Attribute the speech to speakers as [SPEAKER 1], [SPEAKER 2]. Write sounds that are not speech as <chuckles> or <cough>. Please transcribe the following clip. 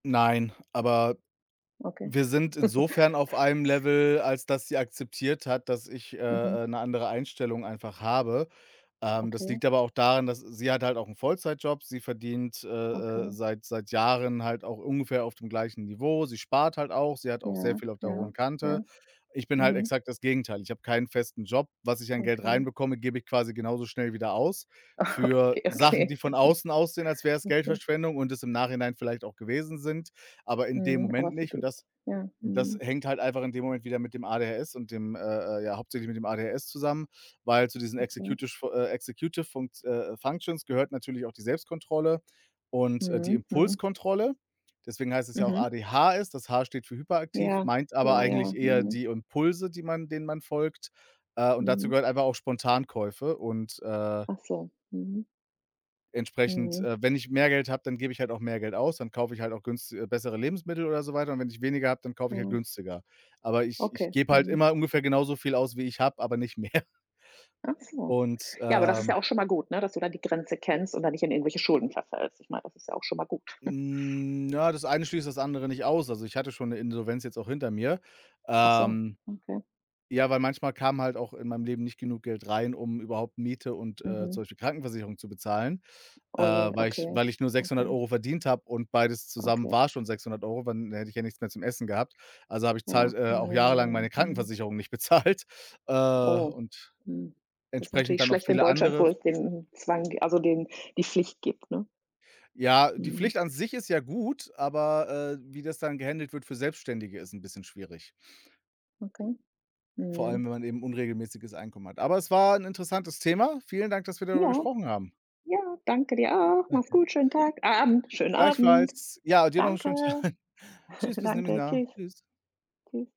[SPEAKER 1] Nein, aber
[SPEAKER 2] Okay.
[SPEAKER 1] wir sind insofern auf einem
[SPEAKER 2] <chuckles>
[SPEAKER 1] Level, als dass sie akzeptiert hat, dass ich,
[SPEAKER 2] Mhm.
[SPEAKER 1] äh, äh, 'ne andere Einstellung einfach habe. Ähm, das
[SPEAKER 2] Okay.
[SPEAKER 1] liegt aber auch daran, dass sie hat halt auch 'n Vollzeitjob. Sie verdient, äh, äh,
[SPEAKER 2] Okay.
[SPEAKER 1] seit seit Jahren halt auch ungefähr auf dem gleichen Niveau. Sie spart halt auch, sie hat auch sehr
[SPEAKER 2] Ja,
[SPEAKER 1] viel auf der
[SPEAKER 2] ja,
[SPEAKER 1] hohen Kante.
[SPEAKER 2] ja.
[SPEAKER 1] Ich bin halt
[SPEAKER 2] Mhm.
[SPEAKER 1] exakt das Gegenteil. Ich habe keinen festen Job. Was ich an Geld
[SPEAKER 2] Okay.
[SPEAKER 1] reinbekomme, gebe ich quasi genauso schnell wieder aus für
[SPEAKER 2] Okay,
[SPEAKER 1] Sachen,
[SPEAKER 2] okay.
[SPEAKER 1] die von außen aussehen, als
[SPEAKER 2] <chuckles>
[SPEAKER 1] wär's
[SPEAKER 2] Okay.
[SPEAKER 1] Geldverschwendung und es im Nachhinein vielleicht auch gewesen sind, aber in dem
[SPEAKER 2] Mhm, aber
[SPEAKER 1] Moment
[SPEAKER 2] für
[SPEAKER 1] nicht und
[SPEAKER 2] dich.
[SPEAKER 1] das
[SPEAKER 2] Ja,
[SPEAKER 1] das
[SPEAKER 2] mhm.
[SPEAKER 1] hängt halt einfach in dem Moment wieder mit dem ADHS und dem, äh, äh ja hauptsächlich mit dem ADHS zusammen, weil zu diesen
[SPEAKER 2] Okay.
[SPEAKER 1] Executish fu äh, Executive Funkt äh, äh, Functions gehört natürlich auch die Selbstkontrolle und, äh, die
[SPEAKER 2] Mhm, mhm.
[SPEAKER 1] Impulskontrolle. Deswegen heißt es ja auch
[SPEAKER 2] Mhm.
[SPEAKER 1] ADHS. Das H steht für hyperaktiv,
[SPEAKER 2] Ja,
[SPEAKER 1] meint aber
[SPEAKER 2] ja, ja,
[SPEAKER 1] eigentlich eher
[SPEAKER 2] mhm.
[SPEAKER 1] die Impulse, die man denen man folgt. Äh, und dazu
[SPEAKER 2] Mhm.
[SPEAKER 1] gehört einfach auch Spontankäufe und, äh
[SPEAKER 2] Ach so, mhm.
[SPEAKER 1] entsprechend,
[SPEAKER 2] Mhm.
[SPEAKER 1] äh, wenn ich mehr Geld habe, dann gebe ich halt auch mehr Geld aus. Dann kaufe ich halt auch günsti äh, bessere Lebensmittel oder so weiter und wenn ich weniger habe, dann kaufe ich halt
[SPEAKER 2] Mhm.
[SPEAKER 1] günstiger. Aber ich ich
[SPEAKER 2] Okay,
[SPEAKER 1] gebe halt
[SPEAKER 2] mhm.
[SPEAKER 1] immer ungefähr genauso viel aus, wie ich habe, aber nicht mehr.
[SPEAKER 2] Ach so.
[SPEAKER 1] Und,
[SPEAKER 2] Ja, aber das ist ja
[SPEAKER 1] ähm
[SPEAKER 2] auch schon mal gut, ne, dass du da die Grenze kennst und dann nicht in irgendwelche Schulden verfällst. Ich meine, das ist ja auch schon mal gut. <chuckles>
[SPEAKER 1] N ja, das eine schließt das andere nicht aus. Also, ich hatte schon 'ne Insolvenz jetzt auch hinter mir.
[SPEAKER 2] Ach so,
[SPEAKER 1] Ähm,
[SPEAKER 2] okay.
[SPEAKER 1] ja, weil manchmal kam halt auch in meinem Leben nicht genug Geld rein, um überhaupt Miete und, äh,
[SPEAKER 2] Mhm.
[SPEAKER 1] zum Beispiel Krankenversicherung zu bezahlen, äh,
[SPEAKER 2] Oh je,
[SPEAKER 1] weil ich
[SPEAKER 2] okay,
[SPEAKER 1] weil ich nur sechshundert
[SPEAKER 2] okay.
[SPEAKER 1] Euro verdient habe und beides zusammen
[SPEAKER 2] Okay.
[SPEAKER 1] war schon 600 €, wenn hätte ich ja nichts mehr zum Essen gehabt. Also habe ich
[SPEAKER 2] Ja.
[SPEAKER 1] zahlt äh,
[SPEAKER 2] Ja, ja,
[SPEAKER 1] auch
[SPEAKER 2] ja,
[SPEAKER 1] jahrelang
[SPEAKER 2] ja,
[SPEAKER 1] meine
[SPEAKER 2] mhm.
[SPEAKER 1] Krankenversicherung nicht bezahlt, äh,
[SPEAKER 2] Oh,
[SPEAKER 1] und
[SPEAKER 2] hm. Das ist
[SPEAKER 1] entsprechend
[SPEAKER 2] natürlich
[SPEAKER 1] dann noch
[SPEAKER 2] schlecht in
[SPEAKER 1] viele
[SPEAKER 2] Deutschland,
[SPEAKER 1] andere
[SPEAKER 2] wo es den Zwang gi also den die Pflicht gibt, ne?
[SPEAKER 1] Ja, die
[SPEAKER 2] Mhm.
[SPEAKER 1] Pflicht an sich ist ja gut, aber, äh, wie das dann gehändelt wird für Selbstständige, ist 'n bisschen schwierig.
[SPEAKER 2] Okay.
[SPEAKER 1] Vor allem,
[SPEAKER 2] Mhm.
[SPEAKER 1] wenn man eben unregelmäßiges Einkommen hat. Aber es war 'n interessantes Thema. Vielen Dank, dass wir darüber
[SPEAKER 2] Ja.
[SPEAKER 1] gesprochen haben.
[SPEAKER 2] Ja, danke dir auch. Mach's
[SPEAKER 1] Okay.
[SPEAKER 2] gut. Schönen Tag A Abend. Schönen Abend.
[SPEAKER 1] Gleichfalls. Ja, dir noch 'n
[SPEAKER 2] Danke.
[SPEAKER 1] schönen Tag. Tschüss,
[SPEAKER 2] <chuckles>
[SPEAKER 1] bis
[SPEAKER 2] Danke.
[SPEAKER 1] <unintelligible>
[SPEAKER 2] Tschüss.
[SPEAKER 1] Tschüss.
[SPEAKER 2] Tschüss.